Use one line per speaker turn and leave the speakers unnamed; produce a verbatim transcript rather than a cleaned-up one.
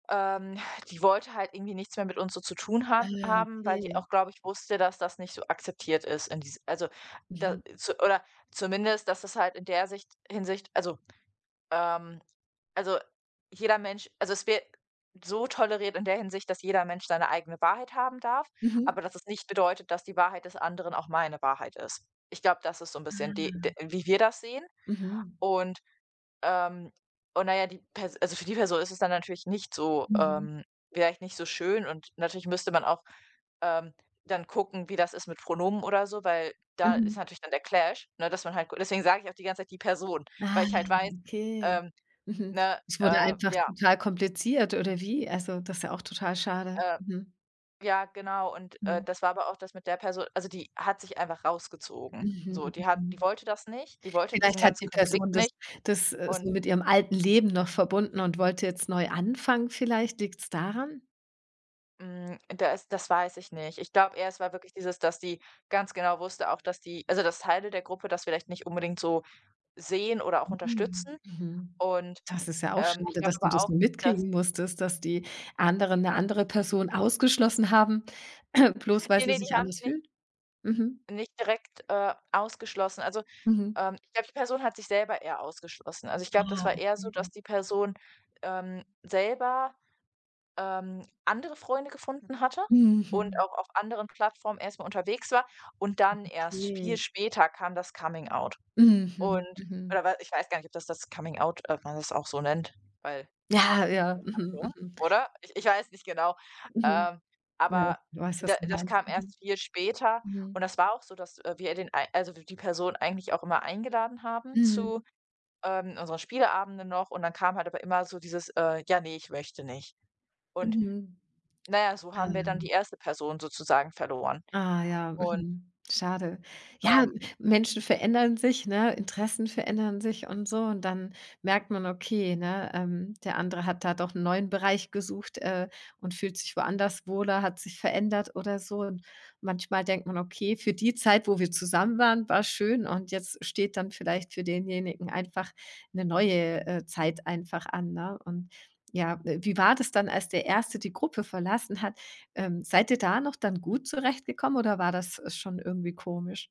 Ähm, die wollte halt irgendwie nichts mehr mit uns so zu tun
Ah
haben
ja,
haben, weil die
okay.
auch, glaube ich, wusste, dass das nicht so akzeptiert ist in dies also da
Mhm.
so oder zumindest, dass das halt in der Sicht Hinsicht also, ähm also, jeder Mensch also es wäre so toleriert in der Hinsicht, dass jeder Mensch seine eigene Wahrheit haben darf,
Mhm.
aber dass es nicht bedeutet, dass die Wahrheit des anderen auch meine Wahrheit ist. Ich glaube, das ist so 'n bisschen die d
Ah.
wie wir das sehen
Mhm.
und ähm, und na ja, die Pers also für die Person ist es dann natürlich nicht so
Mhm.
ähm, vielleicht nicht so schön, und natürlich müsste man auch, ähm, dann gucken, wie das ist mit Pronomen oder so, weil da ist
Mhm.
natürlich dann der Clash, ne? Dass man halt deswegen sage ich auch die ganze Zeit, die Person, weil
Ah,
ich halt weiß,
okay,
ähm
mhm.
ne?
Es wurde
Äh,
einfach
ja.
total kompliziert, oder wie? Also, das ist ja auch total schade,
Äh,
mhm.
ja, genau. Und, äh,
Mhm.
das war aber auch das mit der Perso also die hat sich einfach rausgezogen. So,
Mhm,
die hat die
mhm.
wollte das nicht. Die wollte diesen
Vielleicht hat
ganzen
die Person
Konflikt
das
nicht,
das, äh,
und
so mit ihrem alten Leben noch verbunden und wollte jetzt neu anfangen, vielleicht? Liegt's daran?
Hm, da ist das weiß ich nicht. Ich glaube eher, es war wirklich dieses, dass die ganz genau wusste auch, dass die also dass Teile der Gruppe das vielleicht nicht unbedingt so sehen oder auch
Mhm,
unterstützen.
mhm,
Und,
das ist ja auch
ähm, ich
schade,
glaube
dass du
aber
das
auch,
so
dass
mitkriegen musstest, dass die anderen 'ne andere Person ausgeschlossen haben, bloß weil
Ne,
sie
ne,
es
die
sich
haben
anders
sie nicht
fühlt, mhm.
nicht direkt, äh, ausgeschlossen, also,
Mhm.
ähm, ich glaube die Person hat sich selber eher ausgeschlossen, also ich glaube, das
Ah,
war eher so, dass
mhm.
die Person, ähm, selber, ähm, andere Freunde gefunden hatte und
Mhm.
auch auf anderen Plattformen erst mal unterwegs war. Und
Mhm,
dann, erst
okay.
viel später, kam das Coming-out.
Mhm,
Und
mhm.
oder we ich weiß gar nicht, ob das das Coming-out ob man das auch so nennt, weil
Ja, ja, mhm,
kommt davor,
mhm.
oder? Ich ich weiß nicht genau,
Mhm,
ähm,
ja.
aber
Ich weiß,
da
was du
das
meinst,
kam
mhm,
erst viel später
mhm.
und das war auch so, dass, äh, wir den ei also w die Person eigentlich auch immer eingeladen haben
Mhm.
zu, ähm, unseren Spieleabenden noch und dann kam halt aber immer so dieses, äh: „Ja ne, ich möchte nicht.“ Und
Mhm,
na ja, so
ah
haben wir dann die
ja.
erste Person sozusagen verloren,
Ah ja,
und
mhm, schade. Ja,
Ähm.
Menschen verändern sich, ne? Interessen verändern sich und so. Und dann merkt man, okay, ne, ähm, der andere hat da doch 'n neuen Bereich gesucht, äh, und fühlt sich woanders wohler, hat sich verändert oder so. Und manchmal denkt man: „Okay, für die Zeit, wo wir zusammen waren, war's schön und jetzt steht dann vielleicht für denjenigen einfach 'ne neue, äh, Zeit, einfach an“, ne? Und ja, äh, wie war das dann, als der Erste die Gruppe verlassen hat? Ähm, seid ihr da noch dann gut zurechtgekommen, oder war das, äh, schon irgendwie komisch?